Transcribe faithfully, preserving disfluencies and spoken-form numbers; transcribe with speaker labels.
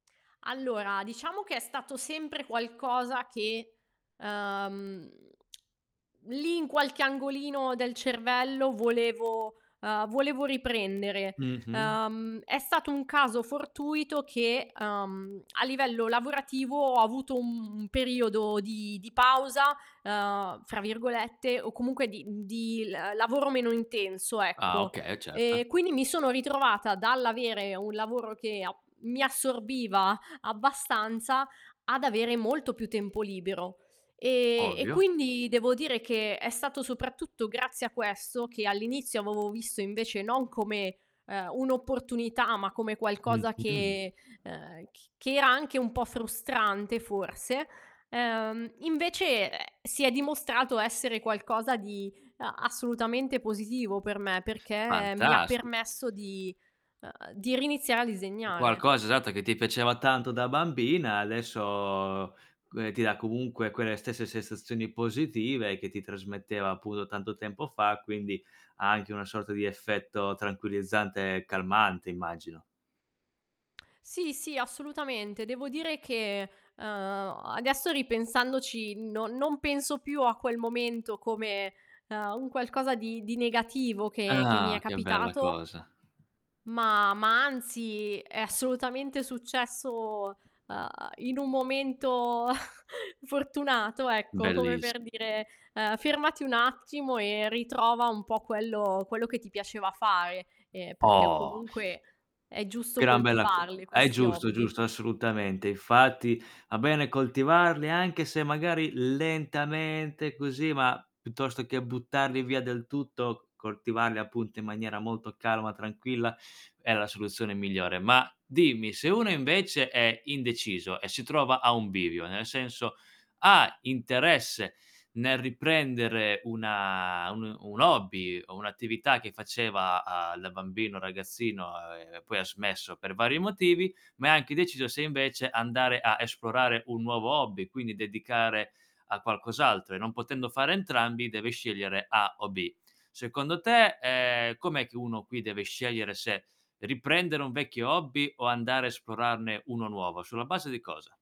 Speaker 1: Allora, diciamo che è stato sempre qualcosa che, ehm, lì, in qualche angolino del cervello, volevo uhm, volevo riprendere.
Speaker 2: Mh-mh.
Speaker 1: Uhm, è stato un caso fortuito che, uhm, a livello lavorativo, ho avuto un periodo di di "pausa", uhm, fra virgolette, o comunque di mhmm, di l uhm, lavoro meno intenso,
Speaker 2: Ah
Speaker 1: ecco.
Speaker 2: okay, certo.
Speaker 1: E quindi mi sono ritrovata dall'avere un lavoro che ap mi assorbiva abbastanza, ad avere molto più tempo libero e e
Speaker 2: Ovvio.
Speaker 1: quindi devo dire che è stato soprattutto grazie a questo, che all'inizio avovo visto invece non come, ehm, un'opportunità, ma come qualcosa
Speaker 2: Mh-mh.
Speaker 1: che ehm, c che era anche un po' frustrante forse, ehm, invece, ehm, si è dimostrato essere qualcosa di a assolutamente positivo per me, perché mi
Speaker 2: Fantasti
Speaker 1: permesso di uhm, di riiniziare a
Speaker 2: Un
Speaker 1: disegnare.
Speaker 2: qualcosa, esatto, che ti piaceva tanto da bambina adesso c uhm, ti dà comunque quelle stesse sensazioni positive che ti trasmetteva, appuno, tanto tempo fa, quindi, ha anche una sorta di effetto tranquillizzante e calmante, immagino.
Speaker 1: Sì, sì, assolutamente. Devo dire che, uhm, adesso, ripensandoci no non penso più a quel momento come, uhm, un qualcosa di di negativo che che mi è
Speaker 2: Ah, che bella
Speaker 1: capitato
Speaker 2: cosa.
Speaker 1: ma ma anzi, è assolutamente successo, uhm, in un momento fortunato ecco, come
Speaker 2: Belliss
Speaker 1: per dire, uhm: "Fermati un attimo e ritrova un po' quello quello che ti piaceva fare, ehm, perché
Speaker 2: Oh.
Speaker 1: comunque è giusto
Speaker 2: Gran bella cosa.
Speaker 1: coltivarli
Speaker 2: È
Speaker 1: questi
Speaker 2: giusto,
Speaker 1: hobby".
Speaker 2: giusto, assolutamente. Infatti, a bene coltivarli, anche se magari lentamente, così, ma piuttosto che buttarli via del tutto, coltivarli, appunto, in maniera molto calma, tranquilla, è la soluzione migliore. Ma dimmi, se uno invece è indeciso e si trova a un bivio, nel senso, ha interesse nel riprendere una un uhm, un hobby o un'attività che faceva, a da bambino, ragazzino, uhm, e poi ha smesso per vari motivi, ma è anche indeciso se invece andare a esplorare un nuovo hobby, quindi dedicare a qualcos'altro, e non potendo fare entrambi deve scegliere A o B. Secondo te, ehm, com'è che uno qui deve scegliere se riprendere un vecchio hobby o andare, esplorarne uno nuovo? Sulla base di cosa?